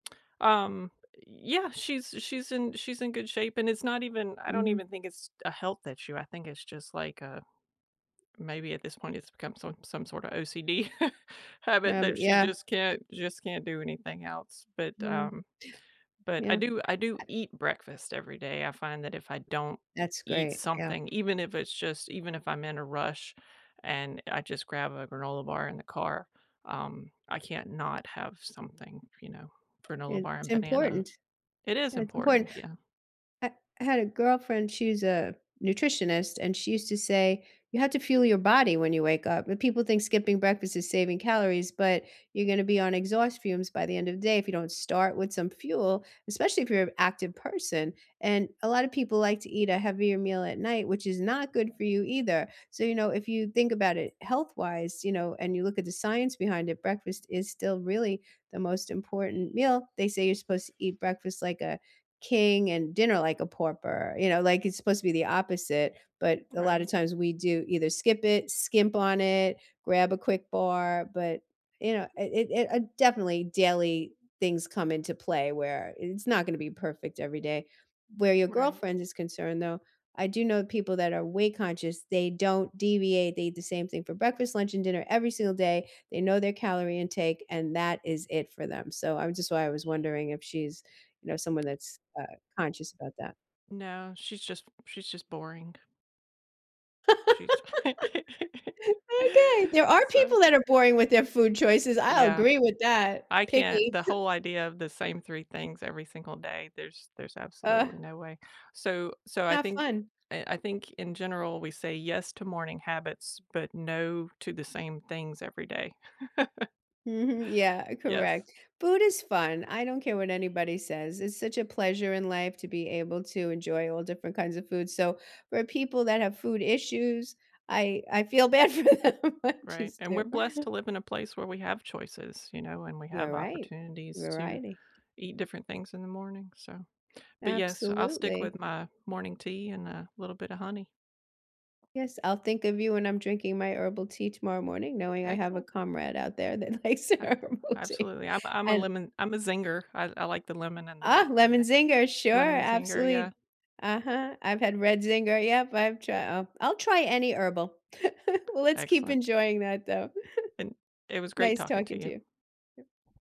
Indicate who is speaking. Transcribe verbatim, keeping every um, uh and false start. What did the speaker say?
Speaker 1: Um, ye yeah, she's she's in she's in good shape and it's not even, I don't
Speaker 2: Mhm.
Speaker 1: even think it's a health issue, I think it's just like uh, maybe at this point it's become some some sort of OCD habit
Speaker 2: Habit,
Speaker 1: that she
Speaker 2: yeah.
Speaker 1: just can't just can't do anything else, but,
Speaker 2: Wow.
Speaker 1: um, but I
Speaker 2: Yep.
Speaker 1: do I do eat breakfast every day. I find that if I don't
Speaker 2: That's
Speaker 1: eat
Speaker 2: great, yeah.
Speaker 1: something, even if it's just even if I'm in a rush and I just grab a granola bar in the car, um, I can't not have something, you know, granola bar
Speaker 2: It's
Speaker 1: and banana.
Speaker 2: important
Speaker 1: It is
Speaker 2: Yeah, it's important,
Speaker 1: important. Yeah.
Speaker 2: ha I had a girlfriend, she's a nutritionist, and she used to say, “You have to fuel your body when you wake up.” And people think skipping breakfast is saving calories, but you're gonna be on exhaust fumes by the end of the day if you don't start with some fuel, especially if you're active person. And a lot of people like to eat a heavier meal at night, which is not good for you either, so, you know, if you think about it health-wise, you know, and you look at the science behind it, breakfast is still really the most important meal. They say you're supposed to "Eat breakfast like a king and dinner like a pauper." You know, like, it's supposed to be the opposite, but a lotta
Speaker 1: Right.
Speaker 2: times we do either skip it, skimp on it, grab a quick bar, but, you know, it it it, uh, definitely daily things come into play where it's not gonna be perfect every day. Where your
Speaker 1: Right.
Speaker 2: girlfriend is concerned, though, I do know people that are weight conscious, they don't deviate. They eat the same thing for breakfast, lunch, and dinner every single day. They know their calorie intake, and that is it for them, so, I'm just why I was wondering if she's, you know, someone that's, uh, conscious about that.
Speaker 1: No, she's just she's just boring. She’s
Speaker 2: Okay. There are
Speaker 1: So.
Speaker 2: people that are boring with their food choices. I
Speaker 1: Yeah,
Speaker 2: agree with that.
Speaker 1: I can't
Speaker 2: Picky.
Speaker 1: the whole idea of the same three things every single day, there's there's
Speaker 2: Ugh.
Speaker 1: absolutely no way. So so I
Speaker 2: Not
Speaker 1: think
Speaker 2: fun.
Speaker 1: eh, I think in general we say yes to morning habits, but no to the same things every day.
Speaker 2: Mhm, yeah,
Speaker 1: Yes.
Speaker 2: correct. Food is fun, I don't care what anybody says, it's such a pleasure in life to be able to enjoy all different kinds of food. So for people that have food issues, I I feel bad for them, I
Speaker 1: Right,
Speaker 2: just
Speaker 1: and we're
Speaker 2: do.
Speaker 1: blessed to live in a place where we have choices, you know, and we
Speaker 2: You're
Speaker 1: have
Speaker 2: right.
Speaker 1: opportunities to
Speaker 2: Variety.
Speaker 1: eat different things in the morning. So. But yes, so I'll stick
Speaker 2: Absolutely.
Speaker 1: with my morning tea and a little bit of honey.
Speaker 2: Yes, I'll think of you when I'm drinking my herbal tea tomorrow morning knowing I have a
Speaker 1: Excellent!
Speaker 2: comrade out there that likes
Speaker 1: Ah
Speaker 2: herbal tea.
Speaker 1: absolutely, I'm I'm a
Speaker 2: And
Speaker 1: lemon I'm a zinger, I I like the lemon and the
Speaker 2: Ah, lemon zinger, sure,
Speaker 1: lemon zinger, yeah.
Speaker 2: absolutely. Uh-huh. I've had red zinger, yep, I've try I’ll I'll try any herbal. Let's keep
Speaker 1: Excellent.
Speaker 2: enjoying that, though.
Speaker 1: And it was great
Speaker 2: Nice
Speaker 1: talking
Speaker 2: talking
Speaker 1: to
Speaker 2: to
Speaker 1: you.
Speaker 2: you.